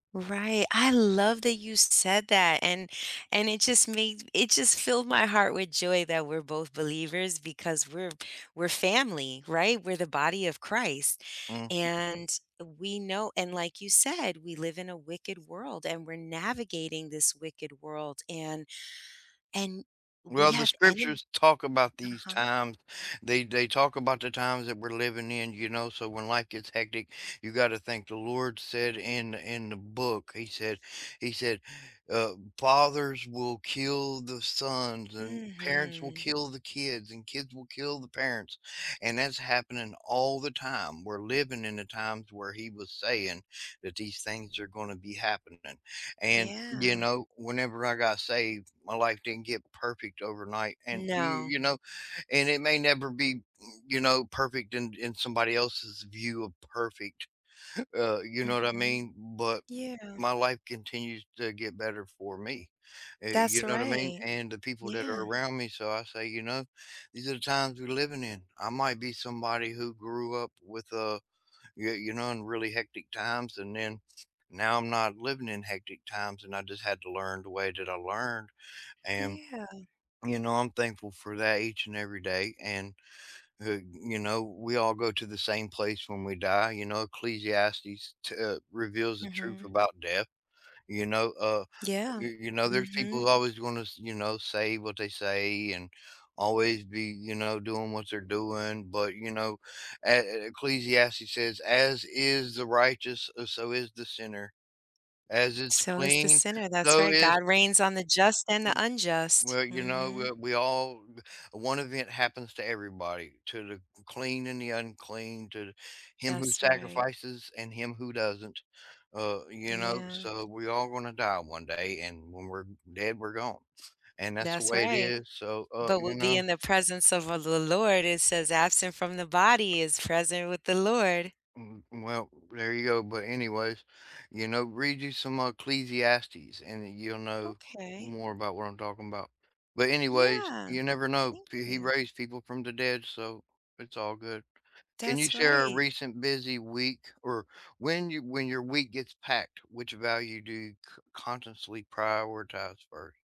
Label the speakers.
Speaker 1: Right, I love that you said that and, and it just made it just filled my heart with joy that we're both believers because we're we're family, right, we're the body of Christ
Speaker 2: Mhm.
Speaker 1: and we know and like you said, we live in a wicked world and we're navigating this wicked world and and we
Speaker 2: Well, the
Speaker 1: have enem
Speaker 2: scriptures talk about these
Speaker 1: Uh-huh.
Speaker 2: times. They they talk about the times that we're living in, you know, so when life gets hectic, you gotta think the Lord said in in the book, he said He said, uh, "Fathers will kill the sons, and parents will
Speaker 1: Mhm.
Speaker 2: kill the kids, and kids will kill the parents," and that's happening all the time. We're living in the times where He was saying that these things are gonna be happening, and, you
Speaker 1: Yeah.
Speaker 2: know, whenever I got saved, my life didn't get perfect overnight and, you
Speaker 1: No.
Speaker 2: you know, and it may never be, m you know, perfect in in somebody else's view of perfect, uh, you know what I
Speaker 1: Mhm.
Speaker 2: mean? But
Speaker 1: Yeah.
Speaker 2: my life continues to get better for me, eh,
Speaker 1: That's
Speaker 2: you know what I mean?
Speaker 1: right.
Speaker 2: And the people that are
Speaker 1: Yeah.
Speaker 2: around me, so I say, you know, "These are the times we're living in." I might be somebody who grew up with a y you know, in really hectic times, and then now I'm not living in hectic times and I just had to learn the way that I learned and
Speaker 1: Yeah.
Speaker 2: You know, I'm thankful for that each and every day and, uh, you know, we we all go to the same place when we die you know, Ecclesiastes, t uh, reveals the truth
Speaker 1: Mhm.
Speaker 2: about death, you know, uh,
Speaker 1: Yeah.
Speaker 2: y you know, there's people who
Speaker 1: Mhm.
Speaker 2: always gonna s you know, say what they say and always be, you know, doing what they're doing, but, you know, a a Ecclesiastes says, "As is the righteous, uh, so is the sinner. As it's
Speaker 1: So is the
Speaker 2: clean,
Speaker 1: sinner, that's
Speaker 2: so
Speaker 1: right,
Speaker 2: is"
Speaker 1: God reigns on the just and the
Speaker 2: M
Speaker 1: unjust,
Speaker 2: Well, you know, we
Speaker 1: mhm.
Speaker 2: we all b one event happens to everybody, to the c clean and the unclean, to him who
Speaker 1: That's right.
Speaker 2: sacrifices and him who doesn't, uh, you know,
Speaker 1: Yeah.
Speaker 2: so we're all gonna die one day and when we're dead, we're gone. And that's the
Speaker 1: That's
Speaker 2: way it
Speaker 1: right.
Speaker 2: is, so, uh,
Speaker 1: But
Speaker 2: you
Speaker 1: we'll be
Speaker 2: know
Speaker 1: in the presence of a the Lord, it says "Absent from the body is present with the Lord."
Speaker 2: Mm, mm, well, there you go, but anyways, you know, read you some Ecclesiastes and you'll know
Speaker 1: Okay.
Speaker 2: more about what I'm talking 'bout, but anyways,
Speaker 1: Yeah.
Speaker 2: you never know
Speaker 1: Thank
Speaker 2: p He
Speaker 1: you.
Speaker 2: raised people from the dead, so it's all good. Can you
Speaker 1: That's
Speaker 2: share a
Speaker 1: right.
Speaker 2: recent busy week or when you when your week gets packed, which value do you c consciously prioritize 1st?